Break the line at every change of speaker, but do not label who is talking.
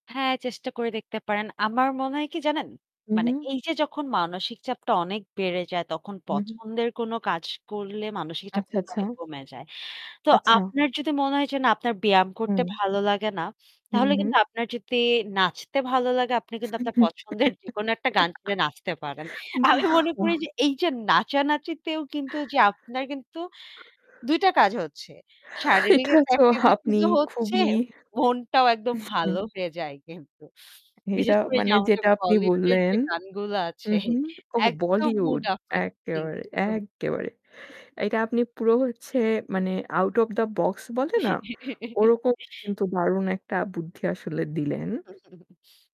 হ্যাঁ, চেষ্টা করে দেখতে পারেন। আমার মনে হয় কি জানেন?
উম
মানে
হুম।
এই যে যখন মানসিক চাপটা অনেক বেড়ে যায় তখন
উম হুম।
পছন্দের কোন কাজ করলে মানসিক চাপ
আচ্ছা,
কিন্তু
আচ্ছা।
অনেক কমে যায়। তো
আচ্ছা।
আপনার যদি মনে হয় যে না আপনার ব্যায়াম করতে
হুম।
ভালো লাগে না,
উম
তাহলে
হুম।
কিন্তু আপনার যদি নাচতে ভালো লাগে আপনি কিন্তু আপনার পছন্দের যেকোনো একটা গান শুনে নাচতে পারেন।
বা
আমি মনে
ওয়া
করি যে এই যে নাচানাচিতেও কিন্তু যে আপনার কিন্তু ২ টা কাজ হচ্ছে, শারীরিক
এটা
একটা
তো
activities
আপনি
ও হচ্ছে,
খুবই
মনটাও একদম
হুম।
ভালো হয়ে যায় কিন্তু।
এটা
বিশেষ করে যে
মানে
আমাদের
যেটা আপনি
Bollywood এর যে
বললেন
গানগুলো আছে
উম হুম। ওহ!
একদম mood
Bollywood,
uplifting
এক্কেবারে,
কিন্তু।
এক্কেবারে। এটা আপনি পুরো হচ্ছে মানে out of the box বলে না? ওরকম কিন্তু দারুণ একটা বুদ্ধি আসলে দিলেন।
উম হুম।